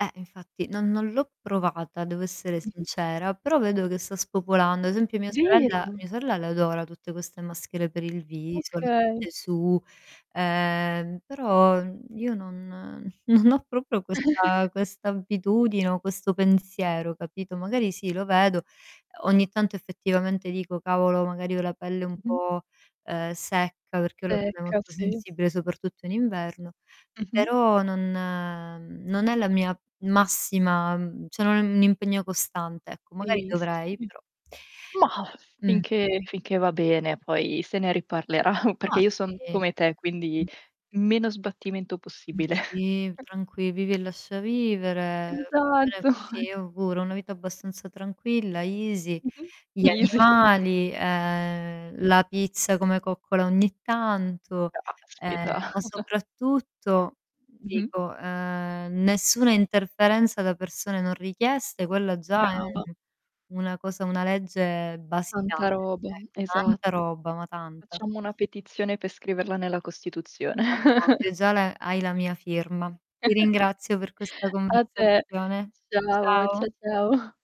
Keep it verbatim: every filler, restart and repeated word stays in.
Eh, infatti, non non l'ho provata devo essere Mh-mh. sincera, però vedo che sa spopolando. Ad esempio mia sorella Vero! mia sorella l'adora tutte queste maschere per il viso, le Okay. mette su. Ehm, però, mhmm, io non non ho propio questa questa abbitudine o questo pensiero, capito. Magari sì, lo vedo, ogni tanto effettivamente dico: "Cavolo, magari ho la pelle un Mh-mh. po', uhm, secca" ma perché ho la pelle Secca molto sì. sensibile soprattutto in inverno, Mh-mh. però non uhm, non è la mia massima mhmm, ceh non è un impegno costante ecco, magari Sì. Sì, dovrei sì. però. Mah, Mh. finché finché va bene poi se ne riparlerà, perché Ma io son sì. come te, quindi, meno sbattimento Ma possibile. sì, tranqui vivi e lascia vivere. Esatto. sì, io ho pure ho una vita abbastanza tranquilla, easy, Mh-mh. gli Easy. animali ehm, [unintelligible] la pizza come coccola ogni tanto, ehm, Caspita. ma soprattutto Mh-mh. dico, ehm, nessuna interferenza da persone non richieste, quella già è Brava. una cosa una legge basilare. Tanta roba, È tanta esatto. roba, ma tanta. Facciamo una petizione per scriverla nella Costituzione. [unintelligible] già la hai la mia firma. Ti ringrazio per questa A te. conversazione. Ciao, Ciao. cia ciao.